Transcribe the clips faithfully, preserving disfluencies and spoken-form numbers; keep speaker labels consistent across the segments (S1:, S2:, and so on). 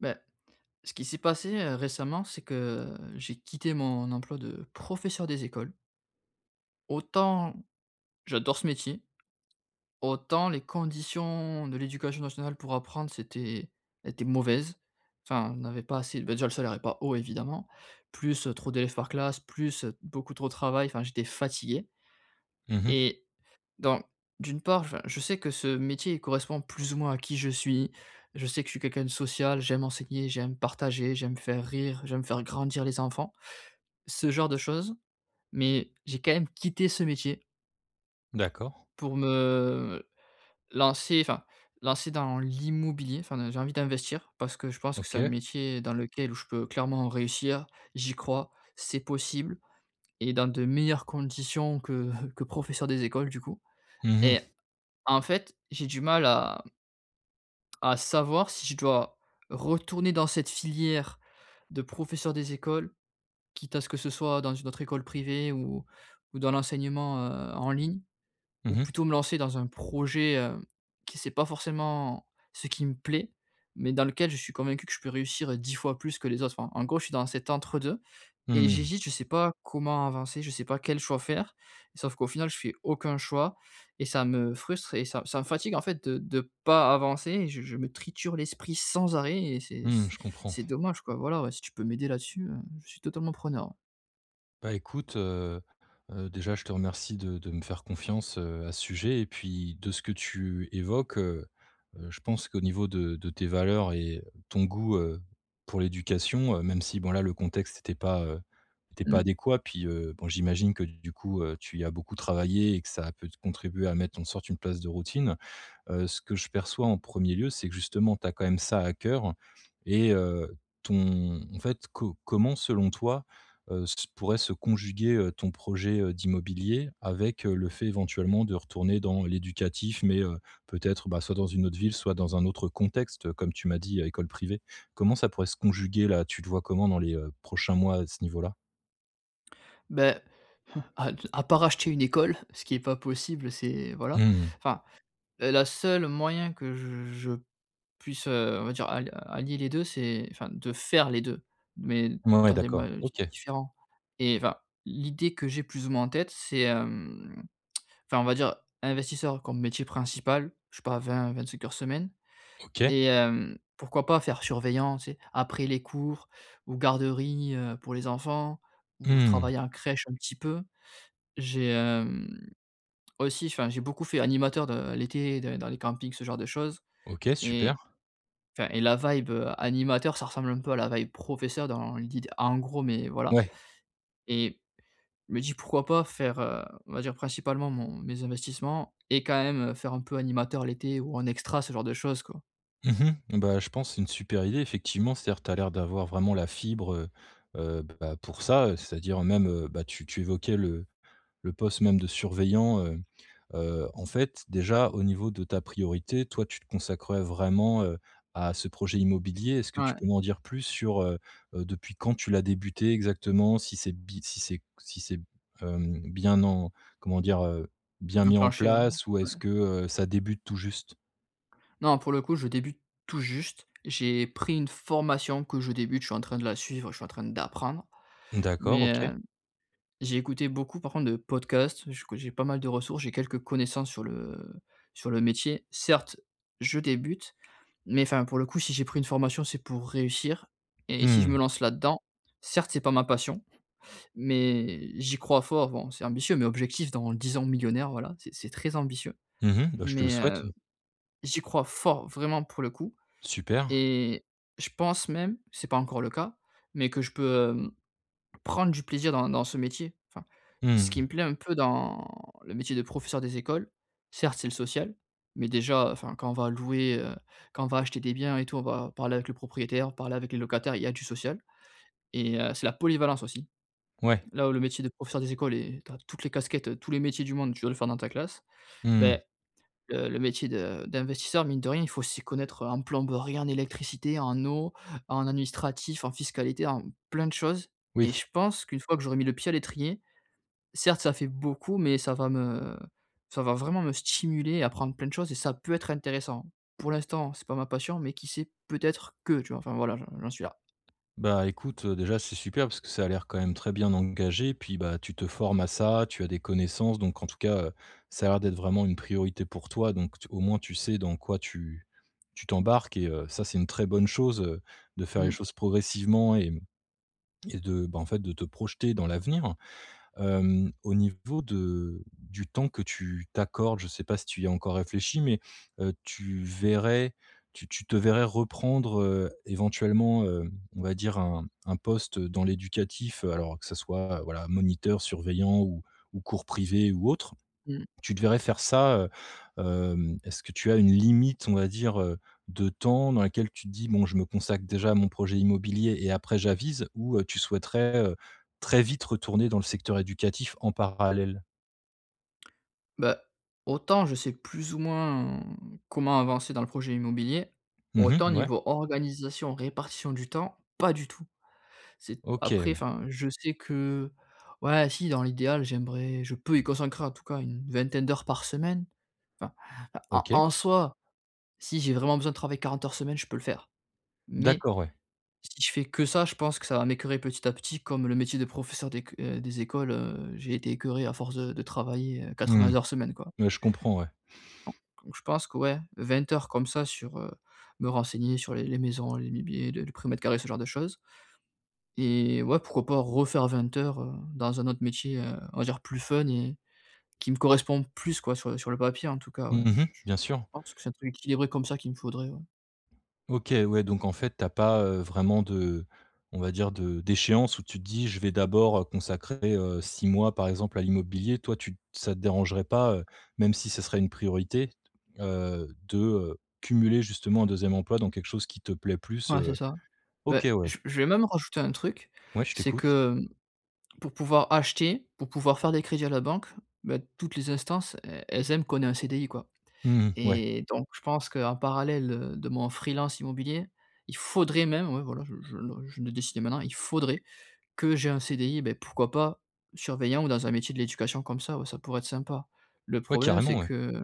S1: Bah, ce qui s'est passé, heu, récemment, c'est que, heu, j'ai quitté mon emploi de professeur des écoles autant j'adore ce métier, autant les conditions de l'Éducation Nationale pour apprendre, c'était était mauvaise enfin on n'avait pas assez de ben, déjà le salaire est pas haut, évidemment, plus trop d'élèves par classe, plus beaucoup trop de travail. Enfin, j'étais fatigué
S2: Mmh mh.
S1: et donc, d'une part enfin je sais que ce métier correspond plus ou moins à qui je suis. Je sais que je suis quelqu'un de social, j'aime enseigner, j'aime partager, j'aime faire rire, j'aime faire grandir les enfants. Ce genre de choses. Mais j'ai quand même quitté ce métier
S2: D'accord.
S1: pour me, heu, lancer, enfin lancer dans l'immobilier enfin j'ai envie d'investir parce que je pense que c'est un
S2: OK.
S1: métier dans lequel je peux clairement réussir. J'y crois. C'est possible et dans de meilleures conditions que que professeur des écoles, du coup
S2: Mmh mh.
S1: et en fait, j'ai du mal à à savoir si je dois retourner dans cette filière de professeur des écoles, quitte à ce que ce soit dans une autre école privée ou ou dans l'enseignement, heu, en ligne. Ou
S2: Mmh mh.
S1: plutôt me lancer dans un projet, hem, qui c'est pas forcément ce qui me plaît, mais dans lequel je suis convaincu que je peux réussir dix fois plus que les autres. Enfin, en gros je suis dans cet entre deux et
S2: Mmh.
S1: j'hésite. Je sais pas comment avancer. Je sais pas quel choix faire. Sauf qu'au final, je fais aucun choix et ça me frustre et ça ça me fatigue, en fait, de de pas avancer et je je me triture l'esprit sans arrêt et c'est
S2: Mmh,
S1: c
S2: je comprends.
S1: c'est dommage, quoi. Voilà, ouais, si tu peux m'aider là-dessus, heu, je suis totalement preneur.
S2: Bah écoute, heu, heu, déjà, je te remercie de de me faire confiance, heu, à ce sujet et puis, de ce que tu évoques, heu, heu, je pense qu'au niveau de de tes valeurs et ton goût, heu, pour l'éducation, heu, même si, bon, là, le contexte était pas, heu, était pas
S1: Mmh.
S2: adéquat puis, heu, bon j'imagine que, du coup, heu, tu y as beaucoup travaillé et que ça a pu contribuer à mettre en sorte une place de routine. Heu, ce que je perçois en premier lieu, c'est que, justement, tu as quand même ça à cœur et heu, ton en fait, co comment, selon toi, heu, s pourrait se conjuguer, heu, ton projet, heu, d'immobilier avec le fait, éventuellement, de retourner dans l'éducatif, mais, heu, peut-être, bah, soit dans une autre ville, soit dans un autre contexte, comme tu m'as dit: «école privée»? Comment ça pourrait se conjuguer, là? Tu te vois comment dans les prochains mois, à ce niveau-là?
S1: Beh, à à part acheter une école, ce qui est pas possible c'est voilà
S2: Mmh mh.
S1: enfin, heu, la la seule moyen que je je puisse, heu, on va dire, al allier les deux, c'est enfin de faire les deux, mais
S2: Mouais, ouais
S1: dans des mois
S2: d'accord.
S1: di
S2: OK.
S1: différents et enfin l'idée que j'ai plus ou moins en tête, c'est, hem, enfin, on va dire investisseur comme métier principal, je sais pas, vingt-vingt cinq heures semaine.
S2: OK.
S1: Et, heu, pourquoi pas faire surveillant, tu sais, après les cours ou garderie, heu, pour les enfants ou
S2: Mmh.
S1: travailler en crèche un petit peu. J'ai, hem, aussi enfin, j'ai beaucoup fait animateur, de, heu, l'été, dans dans les campings, ce genre de choses
S2: OK, super.
S1: et enfin et la vibe animateur, ça ressemble un peu à la vibe professeur, dans l'idée en gros. Mais voilà
S2: Ouais.
S1: et je me dis: «Pourquoi pas faire, on va dire principalement mon mes investissements et quand même, faire un peu animateur l'été ou en extra?» ce genre de choses quoi.
S2: Mmh mh. Eh, bah, je pense c'est une super idée. Effectivement, c’est-à-dire que tu as l'air d'avoir vraiment la fibre, heu, heu, bah, pour ça. C'est-à-dire même, heu, bah, tu tu évoquais le le poste même, de surveillant, heu, heu, en fait, déjà au niveau de ta priorité, toi, tu te consacrerais vraiment, heu, à ce projet immobilier. Est-ce que tu
S1: Ouais.
S2: peux m'en dire plus, sur, heu, heu, depuis quand tu l'as débuté exactement? Si c'est bi si c'est si c'est, heu, bien en comment dire, heu, bien mis en
S1: Enclenché. Ouais,
S2: place ou
S1: ouais.
S2: est-ce que, heu, ça débute tout juste?
S1: Non, pour le coup, je débute tout juste. J'ai pris une formation que je débute, je suis en train de la suivre, je suis en train d'apprendre,
S2: D'accord,
S1: mais,
S2: OK.
S1: heu, j'ai écouté beaucoup par contre de podcasts, je que j'ai pas mal de ressources, j'ai quelques connaissances sur le sur le métier. Certes, je débute, mais enfin, pour le coup si j'ai pris une formation, c'est pour réussir et si je
S2: Mmh.
S1: me lance là-dedans, certes c'est pas ma passion, mais j'y crois fort. Bon c'est ambitieux, mais objectif dans dix ans, millionnaire, voilà. C'est c'est très ambitieux,
S2: Mmh mh. Bah je te le
S1: mais,
S2: souhaite.
S1: heu, j'y crois fort, vraiment pour le coup
S2: Super.
S1: et je pense même c'est pas encore le cas, mais que je peux, heu, prendre du plaisir dans dans ce métier. Enfin, ce
S2: Mmh
S1: qui
S2: mh.
S1: me plaît un peu dans le métier de professeur des écoles, certes, c'est le social, mais déjà enfin quand on va louer, heu, quand on va acheter des biens et tout, on va parler avec le propriétaire, parler avec les locataires. Il y a du social, et heu, c'est la polyvalence aussi.
S2: Ouais.
S1: Là où le métier de professeur des écoles est tu as toutes les casquettes, tous les métiers du monde, tu dois le faire dans ta classe.
S2: Mmh.
S1: Beh, le le métier de d'investisseur, mine de rien il faut s'y connaître en plomberie, en électricité, en eau, en administratif, en fiscalité, en plein de choses et
S2: Oui.
S1: je pense qu'une fois que j'aurai mis le pied à l'étrier, certes ça fait beaucoup mais ça va me ça va vraiment me stimuler, apprendre plein de choses et ça peut être intéressant. Pour l'instant, c'est pas ma passion mais qui sait, peut-être que, tu vois? Enfin voilà, j'en suis là.
S2: Bah, écoute, heu, déjà c'est super, parce que ça a l'air quand même très bien engagé. Puis, bah, tu te formes à ça, tu as des connaissances donc en tout cas, ça a l'air d'être vraiment une priorité pour toi. Donc t au moins tu sais dans quoi tu tu t'embarques et heu, ça c'est une très bonne chose, heu, de faire les
S1: Mmh.
S2: choses progressivement et et de bah, en fait de te projeter dans l'avenir, hem, au niveau de du temps que tu t'accordes. Je sais pas si tu y as encore réfléchi, mais, heu, tu verrais tu tu te verrais reprendre, heu, éventuellement, heu, on va dire un un poste dans l'éducatif? Alors, que ça soit voilà, moniteur, surveillant ou ou cours privé ou autre,
S1: Mmh.
S2: tu te verrais faire ça, heu? Hem, est-ce que tu as une limite, on va dire, heu, de temps dans laquelle tu te dis: «Bon, je me consacre déjà à mon projet immobilier et après j'avise» ou, heu, tu souhaiterais, heu, très vite retourner dans le secteur éducatif en parallèle?
S1: Bah, autant je sais plus ou moins comment avancer dans le projet immobilier.
S2: Mmh
S1: Autant
S2: mh, ouais.
S1: niveau organisation, répartition du temps, pas du tout. C'est
S2: OK,
S1: après,
S2: ouais.
S1: enfin, je sais que ouais, si, dans l'idéal j'aimerais je peux y consacrer en tout cas une vingtaine d'heures par semaine. Enfin, en
S2: OK.
S1: en soi, si j'ai vraiment besoin de travailler quarante heures semaine je peux le faire. Mais
S2: D'accord, ouais.
S1: si je fais que ça, je pense que ça va m'écœurer petit à petit, comme le métier de professeur d'éc des écoles, heu, j'ai été écœuré à force de de travailler
S2: Mmh.
S1: quatre-vingt heures semaine, quoi
S2: Ouais, je comprends, ouais.
S1: Donc donc je pense que ouais, vingt heures comme ça sur, heu, me renseigner sur les les maisons, les mibiers, les le prix au mètre carré, ce genre de choses et ouais, pourquoi pas refaire vingt heures, heu, dans un autre métier, heu, on va dire plus fun et qui me correspond plus, quoi sur sur le papier en tout cas, ouais.
S2: Mmh mh.
S1: Je je
S2: Bien sûr.
S1: pense que c'est un truc équilibré comme ça, qu'il me faudrait, ouais.
S2: OK, ouais donc en fait, tu as pas, heu, vraiment de on va dire de d'échéance où tu te dis: «Je vais d'abord, heu, consacrer, heu, six mois par exemple à l'immobilier» toi, tu te ça te dérangerait pas, heu, même si ce serait une priorité, heu, de, heu, cumuler justement un deuxième emploi dans quelque chose qui te plaît plus,
S1: Ouais c'est
S2: heu
S1: ça. Beh,
S2: OK, ouais.
S1: je v je vais même rajouter un truc,
S2: Ouais, je
S1: c'est
S2: t'écoute.
S1: que pour pouvoir acheter, pour pouvoir faire des crédits à la banque, beh, toutes les instances, e elles aiment qu'on ait un CDI, quoi
S2: Mmh mh, ouais.
S1: et donc je pense qu'en parallèle, heu, de mon freelance immobilier. Il faudrait même ouais, voilà je je le je le décide maintenant, il faudrait que j'ai un CDI, beh, pourquoi pas surveillant ou dans un métier de l'éducation comme ça. Ouais, ça pourrait être sympa. Le
S2: Ouais
S1: problème
S2: carrément,
S1: c'est
S2: ouais.
S1: que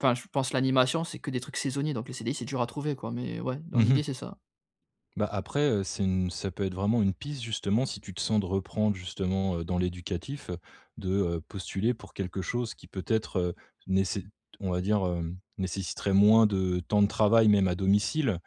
S1: enfin je pense, l'animation c'est que des trucs saisonniers, donc les CDI c'est dur à trouver, quoi. Mais ouais,
S2: Mmh
S1: dans
S2: mh.
S1: l'idée c'est ça.
S2: Bah après, heu, c'est une ça peut être vraiment une piste justement, si tu te sens de reprendre justement, heu, dans l'éducatif, heu, de, heu, postuler pour quelque chose qui peut-être, heu, néce on va dire, hem, nécessiterait moins de temps de travail. Même à domicile,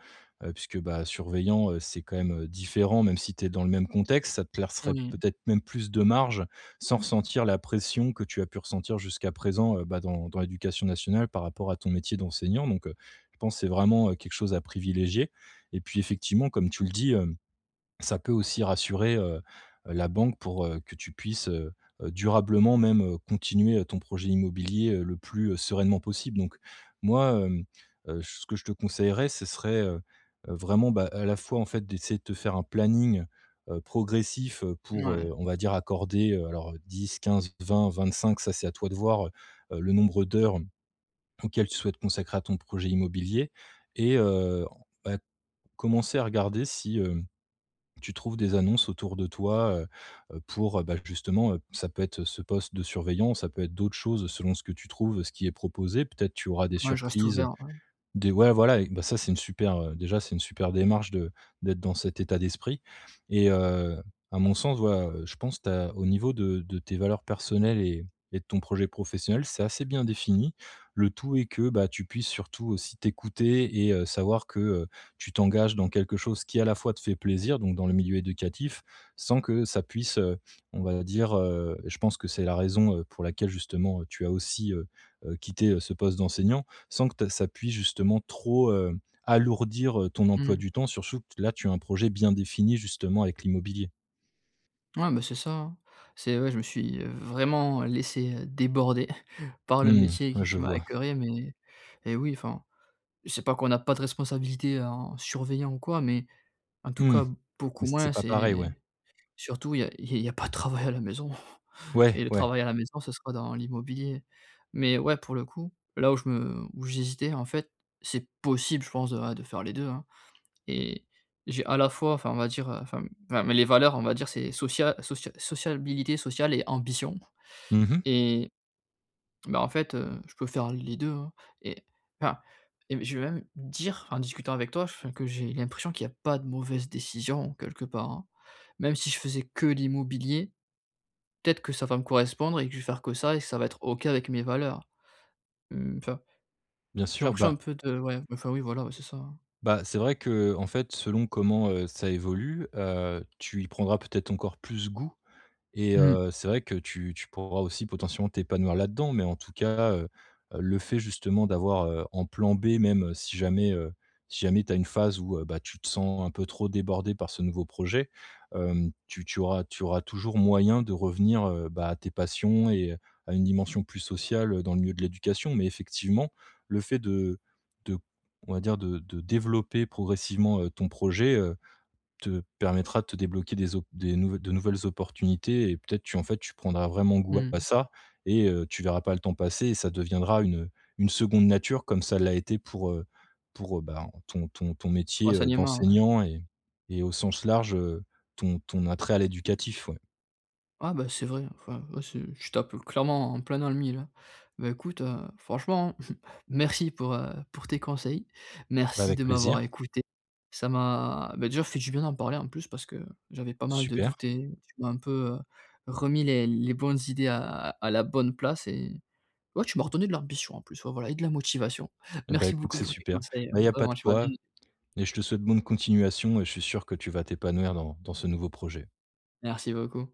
S2: heu, puisque, bah, surveillant, heu, c'est quand même, heu, différent, même si tu es dans le même contexte. Ça te plaisserait
S1: Moui.
S2: peut-être même plus de marge, sans ressentir la pression que tu as pu ressentir jusqu'à présent, heu, bah, dans dans l'éducation nationale, par rapport à ton métier d'enseignant. Donc, heu, je pense c'est vraiment quelque chose à privilégier et puis effectivement comme tu le dis, hem, ça peut aussi rassurer, heu heu, la banque pour, heu, que tu puisses, heu heu, durablement même, heu, continuer, heu, ton projet immobilier, heu, le plus, heu, sereinement possible. Donc moi, heu heu, ce que je te conseillerais, ce serait, heu heu, vraiment, bah, à la fois en fait d'essayer de te faire un planning, heu, progressif, heu, pour, heu,
S1: Mouais.
S2: on va dire accorder, heu, alors dix-quinze-vingt-vingt-cinq, ça c'est à toi de voir, heu heu, le nombre d'heures auxquelles tu souhaites consacrer à ton projet immobilier et heu, en fait, commencer à regarder si, heu, tu trouves des annonces autour de toi, heu heu, pour, heu bah justement, heu, ça peut être ce poste de surveillant. Ça peut être d'autres choses selon ce que tu trouves, ce qui est proposé. Peut-être tu auras des
S1: Ouais, je reste
S2: surprises,
S1: ouvert, ouais.
S2: des ouais, voilà, bah, ça c'est une super, heu déjà c'est une super démarche de d'être dans cet état d'esprit et heu, à mon sens, ouais, je pense tu as, au niveau de de tes valeurs personnelles et et de ton projet professionnel c'est assez bien défini. Le tout est que, bah, tu puisses surtout aussi t'écouter et heu, savoir que, heu, tu t'engages dans quelque chose, qui à la fois te fait plaisir, donc dans le milieu éducatif, sans que ça puisse, heu, on va dire, heu je pense que c'est la raison, heu, pour laquelle justement tu as aussi, heu heu, quitté, heu, ce poste d'enseignant. Sans que ta ça puisse justement trop, heu, alourdir, heu, ton emploi
S1: Mmh.
S2: du temps, sursou que là, tu as un projet bien défini, justement, avec l'immobilier.
S1: Ouais, mais c'est ça, hein. C'est ouais, je me suis, heu, vraiment laissé déborder par le
S2: Mmh,
S1: métier
S2: ouais,
S1: qui
S2: je
S1: qui m'a
S2: vois.
S1: écoeuré, mais et oui, enfin c'est pas qu'on a pas de responsabilité en surveillant ou quoi, mais en tout
S2: Mmh,
S1: cas beaucoup
S2: c'est
S1: moins.
S2: pas pareil, ouais.
S1: C'est surtout il y a il y a pas de travail à la maison
S2: Ouais,
S1: et le
S2: ouais.
S1: travail à la maison ça sera dans l'immobilier. Mais ouais, pour le coup, là où je me où j'hésitai,s en fait, c'est possible je pense, ouais, de faire les deux, hein et j'ai à la fois enfin on va dire, heu, enfin mais les valeurs on va dire c'est socia socia socialbilité sociale et ambition
S2: Mmh mh.
S1: et bah, en fait, heu, je peux faire les deux, hein et enfin et je vais même dire en discutant avec toi, enfin, que j'ai l'impression qu'il y a pas de mauvaise décision quelque part, hein. Même si je faisais que l'immobilier, peut-être que ça va me correspondre et que je vais faire que ça et ça va être OK avec mes valeurs, hem, enfin
S2: Bien
S1: j'ai
S2: sûr,
S1: l'impression un
S2: bah
S1: peu de ouais enfin, oui, voilà. Ouais, c'est ça.
S2: bah c'est vrai que, heu, en fait selon comment, heu, ça évolue, heu, tu y prendras peut-être encore plus goût et
S1: Mmh.
S2: heu, c'est vrai que tu tu pourras aussi potentiellement, t'épanouir là-dedans. Mais en tout cas, heu, le fait justement d'avoir, heu, en plan b même si jamais, heu si jamais tu as une phase où, heu, bah, tu te sens un peu trop débordé par ce nouveau projet, hem. Tu tu auras tu auras toujours moyen de revenir, heu, bah, à tes passions et à une dimension plus sociale, heu, dans le milieu de l'éducation. Mais effectivement le fait de de on va dire de de développer progressivement, heu, ton projet, heu, te permettra de te débloquer des opp des nouv de nouvelles opportunités et peut-être tu en fait tu prendras vraiment goût à
S1: Mmh.
S2: ça et heu, tu verras pas le temps passer et ça deviendra une, heu une seconde nature. Comme ça l'a été pour, heu pour, heu, ben, ton ton ton
S1: Pour
S2: métier, heu,
S1: l'enseignement, ouais.
S2: d'enseignant et et au sens large, heu, ton ton attrait à l'éducatif, ouais.
S1: Ouais, bah, c'est vrai. Enfin, ouais, c'est tu tapes clairement en plein dans le mille, hein et bah écoute, heu, franchement merci pour, heu, pour tes conseils.
S2: Bah,
S1: Merci
S2: avec
S1: de
S2: plaisir.
S1: m'avoir écouté, ça m'a beh, déjà fait du bien d'en parler, en plus, parce que j'avais pas mal de
S2: Super.
S1: doutes et tu m'as un peu, heu, remis les les bonnes idées à à la bonne place et ouais, tu m'as redonné de l'ambition en plus. Ouais, voilà et de la motivation.
S2: Et bah
S1: Merci
S2: écoute,
S1: beaucoup
S2: c'est
S1: pour tes
S2: super.
S1: conseils
S2: Mais il y a pas
S1: vraiment,
S2: de
S1: tu m'as bien
S2: quoi
S1: [unintelligible]
S2: et je te souhaite bonne continuation et je suis sûr que tu vas t'épanouir dans dans ce nouveau projet.
S1: Merci beaucoup.